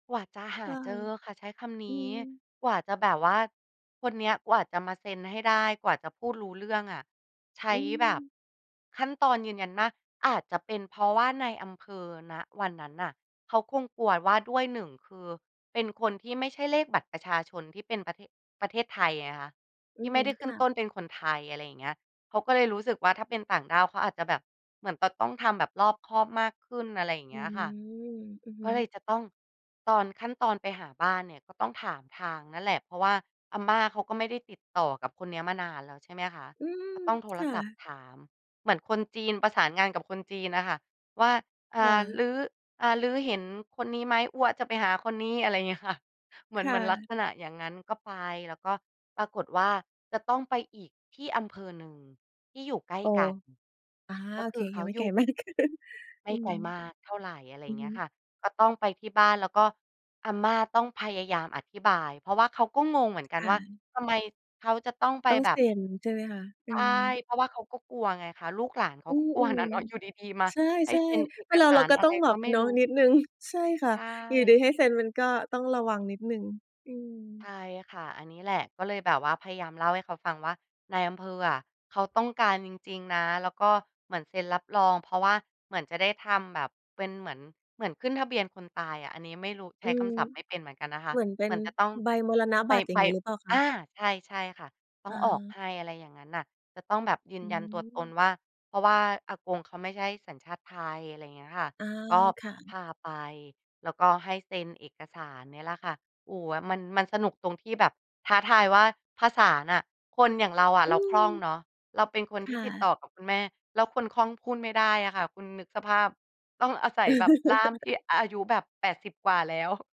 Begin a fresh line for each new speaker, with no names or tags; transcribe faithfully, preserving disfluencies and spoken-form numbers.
กว่าจะหา
ว้า
เจ
ว
อค่ะ ใช้คำน
อื
ี้
ม
กว่าจะแบบว่าคนเนี้ยกว่าจะมาเซ็นให้ได้ กว่าจะพูดรู้เรื่องอะใช
อ
้
ื
แบบ
ม
ขั้นตอนยืนยันมาก อาจจะเป็นเพราะว่าในอำเภอ ณ วันนั้นน่ะ เขาคงกลัวว่าด้วย หนึ่ง คือเป็นคนที่ไม่ใช่เลขบัตรประชาชนที่เป็นประเทศ ประเทศไทยไงคะ
อ
ท
ื
ี่ไ
ม
ม่ได้ข
ค
ึ้น
่ะ
ต้นเป็นคนไทย อะไรอย่างเงี้ย เขาก็เลยรู้สึกว่าถ้าเป็นต่างด้าว เขาอาจจะแบบ เหมือนจะต้องทำแบบรอบคอบมากขึ้น อะไรอย่าง
อ
เง
ื
ี้ย
ม
ค่ะ
อือฮ
ก็เล
ึ
ยจะต้องตอน ขั้นตอนไปหาบ้านเนี่ยก็ต้องถามทางนั่นแหละ เพราะว่าอาม่าเขาก็ไม่ได้ติดต่อกับคนเนี้ยมานานแล้ว ใช่ไหมคะ
อืม
ก็ต้องโทร
ค่
ศัพท
ะ
์ถาม เหมือนคนจีนประสานงานกับคนจีนน่ะค่ะว่า อ่
ค่
า "ล
ะ
ื้อ อ่า ลื้อเห็นคนนี้ไหม? อั๊วจะไปหาคนนี้" อะไรอย่าง เงี้ยค่ะ เหมื
ค
อน เห
่
มือนลัก
ะ
ษณะอย่างงั้น ก็ไป แล้วก็ปรากฏว่าจะต้องไปอีกที่อำเภอหนึ่ง ที่อยู่ใกล้
โอ้
กัน
อา
ก็
โอ
ค
เค
ือเข
ยั
า
งไม่
อย
แก
ู
่
่
ไม่ได้เกิน
ไม
อื
่
อ
ไก
ฮ
ล
ึ
มากเท่าไร อะไร
อ
อย
ื
่า
อ
งเง
ฮ
ี้ยค
ึ
่ะ ก็ต้องไปที่บ้าน แล้วก็อาม่าต้องพยายามอธิบาย เพราะว่าเขาก็งงเหมือนกั
ค
น
่
ว่า
ะ
ทำไมเขาจะต้องไป
ต้อง
แบ
เซ
บ
็นใช่ไหมคะ? อ
ใ
ื
ช่
อ
เพราะว่าเขาก็กลัวไงคะ ลูกหลานเขา
อื
ก็กลัวน
อ
่ะเนาะ อยู่ดี ๆ มา
ๆ ใช
ให้
่
เซ็นเอ
ๆ เป็
ก
นเรา
สา
เรา
ร
ก็
อะ
ต
ไ
้
ร
องแบ
ก็
บ
ไม่
เนา
ร
ะ
ู้
นิดหนึ่ง ใช่ค่
ใ
ะ
ช
อยู่ดี
่
ให้เซ็นมันก็ต้องระวังนิดหนึ่ง อื
ใช
ม
่ค่ะ อันนี้แหละ ก็เลยแบบว่าพยายามเล่าให้เขาฟังว่า นายอำเภออะเขาต้องการจริง ๆ นะ แล้วก็เหมือนเซ็นรับรอง เพราะว่าเหมือนจะได้ทำแบบเป็นเหมือน เหมือนขึ้นทะเบียนคนตายอะ อันนี้ไม่รู้ ใช
อื
้ค
ม
ำศัพท์ไม่เป็นเหมือนกันนะค
เ
ะ
หมือนเป็
เหม
น
ือนจะต้อง
ใบมรณ
ไป
บัตร อย่
ไ
า
ป
งงี้หรือเปล่าค
อ
ะ?
า ใช่ ใช่ค่ะ ต้อ
อ
งออก
า
ให้ อะไรอย่างงั้นน่ะ จะต้องแบบยื
อ
น
ื
ยันตัวตน
ม
ว่า เพราะว่าอากงเขาไม่ใช่สัญชาติไทย อะไรอย่างเงี้ยค่ะ
อา
ก็
ค่
พ
ะ
าไป แล้วก็ให้เซ็นเอกสารเนี่ยแหละค่ะ โอ้ มัน มันสนุกตรงที่แบบท้าทายว่าภาษาน่ะ คนอย่างเราอะ
อื
เราค
ม
ล่องเนาะ เราเป็นคน
ค
ที่
่
ติด
ะ
ต่อกับคุณแม่ แล้วคนคล่องพูดไม่ได้อะค่ะ คุณนึกสภาพ ต้องอาศัยแบบล่ามที่อายุแบบ แปดสิบ กว่าแล้ว